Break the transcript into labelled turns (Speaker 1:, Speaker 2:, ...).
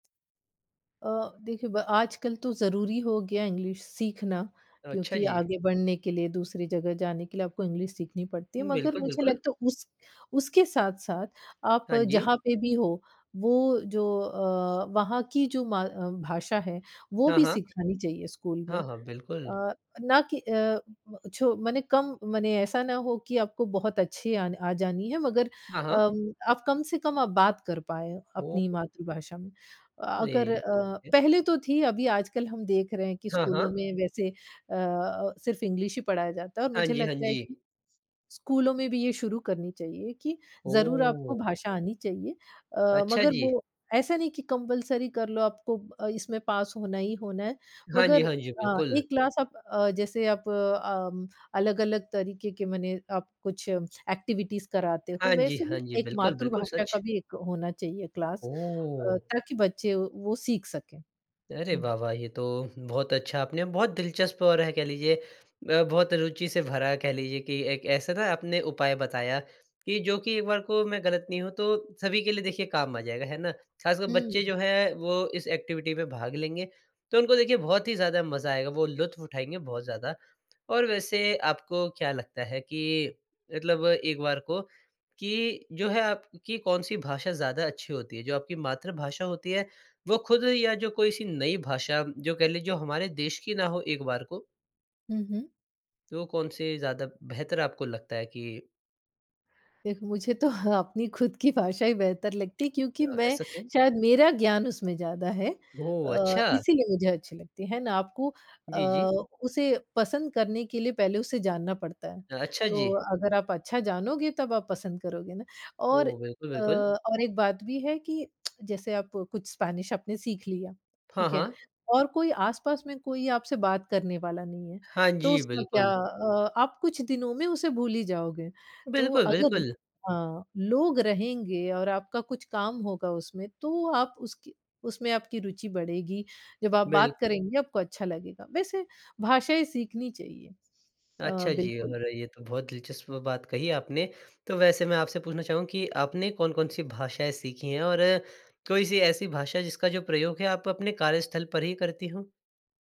Speaker 1: अ, देखिए ब आजकल तो ज़रूरी हो गया इंग्लिश सीखना,
Speaker 2: ओ, अच्छा,
Speaker 1: क्योंकि
Speaker 2: जी!
Speaker 1: आगे बढ़ने के लिए, दूसरी जगह जाने के लिए, आपको इंग्लिश सीखनी पड़ती है,
Speaker 2: हुँ,
Speaker 1: मगर
Speaker 2: बिल्कुल,
Speaker 1: मुझे
Speaker 2: बिल्कुल।
Speaker 1: लगता है उस उसके साथ-साथ आप
Speaker 2: हाँ जी।
Speaker 1: जहाँ पे भी हो, वो जो अ, वहाँ की जो म भाषा है, वो
Speaker 2: हाँ,
Speaker 1: भी
Speaker 2: हाँ।
Speaker 1: सिखानी चाहिए स्कूल
Speaker 2: हाँ,
Speaker 1: में।
Speaker 2: हाँ, बिल्कुल।
Speaker 1: अ, ना कि अ, म छो माने कम माने ऐसा ना हो कि आपको बहुत अच्छी आन आ जानी है, मगर
Speaker 2: हाँ, हाँ।
Speaker 1: अम, आप कम-से-कम आप बात कर पाएँ
Speaker 2: ओहो!
Speaker 1: अपनी मातृभाषा में। अ अगर
Speaker 2: अरे,
Speaker 1: अ,
Speaker 2: ठीक है।
Speaker 1: पहले तो थी अभी आजकल हम देख रहे हैं कि
Speaker 2: हाँ,
Speaker 1: स्कूलों
Speaker 2: हाँ।
Speaker 1: में वैसे अ अ, सिर्फ इंग्लिश ही पढ़ाया जाता है और
Speaker 2: हाँ
Speaker 1: मुझे
Speaker 2: जी, हाँ
Speaker 1: लगता है
Speaker 2: जी।
Speaker 1: कि स्कूलों में भी ये शुरू करनी चाहिए कि ज़रूर आपको
Speaker 2: ओह!
Speaker 1: भाषा आनी चाहिए। अ,
Speaker 2: अच्छा,
Speaker 1: मगर
Speaker 2: जी।
Speaker 1: वो ऐसा नहीं कि कंपल्सरी कर लो आपको अ, इसमें पास होना ही होना है,
Speaker 2: हाँ जी,
Speaker 1: मगर
Speaker 2: हाँ जी,
Speaker 1: अ,
Speaker 2: बिल्कुल।
Speaker 1: एक क्लास आप अ, जैसे आप अम, अलग-अलग तरीके के मने आप कुछ एक्टिविटीज़ कराते हो,
Speaker 2: हाँ जी,
Speaker 1: वैसे ही
Speaker 2: हाँ जी,
Speaker 1: एक
Speaker 2: बिल्कुल, बिल्कुल
Speaker 1: मातृभाषा का
Speaker 2: सच।
Speaker 1: भी एक होना चाहिए क्लास अ,
Speaker 2: ओह!
Speaker 1: ताकि बच्चे वो वो सीख सकें।
Speaker 2: अरे!
Speaker 1: हुँ।
Speaker 2: वाह, वाह! ये तो बहुत अच्छा आपने बहुत दिलचस्प और है कह लीजिए ब बहुत रुचि से भरा है, कह लीजिए कि एक ऐसा ना आपने उपाय बताया कि जो कि एक बार को मैं गलत नहीं हूँ, तो सभी के लिए देखिए काम आ जाएगा है ना? खासकर बच्चे
Speaker 1: हुँ।
Speaker 2: जो हैं वो इस एक्टिविटी में भाग लेंगे, तो उनको देखिए बहुत ही मज़ा आएगा, वो लुत्फ़ उठाएँगे बहुत ज़्यादा और वैसे आपको क्या लगता है कि मतलब एक बार को कि जो है, आपकी कौन-सी भाषा ज़्यादा अच्छी होती है जो आपकी मातृभाषा होती है वो खुद या जो कोई-सी नई भाषा, जो कह लें जो हमारे देश की ना हो एक बार को
Speaker 1: हुँ, हुँ।
Speaker 2: तो कौन से ज़्यादा बेहतर आपको लगता है कि
Speaker 1: देखो मुझे तो हाँ, अपनी खुद की भाषा ही बेहतर लगती है क्योंकि
Speaker 2: अ,
Speaker 1: मैं
Speaker 2: ऐसा क्यों?
Speaker 1: शायद मेरा ज्ञान उसमें ज़्यादा है
Speaker 2: ओह!
Speaker 1: अ,
Speaker 2: अच्छा।
Speaker 1: इसलिए मुझे अच्छी लगती है ना? आपको अ,
Speaker 2: जी, जी।
Speaker 1: उसे पसंद करने के लिए पहले उसे जानना पड़ता है।
Speaker 2: अ, अच्छा,
Speaker 1: तो
Speaker 2: जी।
Speaker 1: अगर आप अच्छा जानोगे तब आप पसंद करोगे ना और
Speaker 2: ओह! बिल्कुल,
Speaker 1: अ,
Speaker 2: बिल्कुल।
Speaker 1: और एक बात भी है कि जैसे आप कुछ स्पेनिश आपने सीख लिया,
Speaker 2: हाँ,
Speaker 1: ठीक है
Speaker 2: हाँ।
Speaker 1: और कोई आस-पास में कोई आपसे बात करने वाला नहीं है।
Speaker 2: हाँ
Speaker 1: तो
Speaker 2: जी,
Speaker 1: उसमें क्या
Speaker 2: बिल्कुल।
Speaker 1: अ, आप कुछ दिनों में उसे भूल ही जाओगे तो
Speaker 2: बिल्कुल,
Speaker 1: अगर
Speaker 2: बिल्कुल।
Speaker 1: हाँ, लोग रहेंगे और आपका कुछ काम होगा उसमें तो आप उसकी उसमें आपकी रुचि बढ़ेगी, जब आप
Speaker 2: बिल
Speaker 1: बात करेंगे आपको अच्छा लगेगा, वैसे भाषाएँ सीखनी चाहिए। अ,
Speaker 2: अच्छा, जी
Speaker 1: बिल्कुल।
Speaker 2: और ये तो बहुत दिलचस्प बात कही आपने। तो वैसे मैं आपसे पूछना चाहूँगा कि आपने कौन-कौन-सी भाषाएँ सीखीं हैं? और कोई-सी ऐसी भाषा जिसका जो प्रयोग है आप अपने कार्यस्थल पर ही करती हों?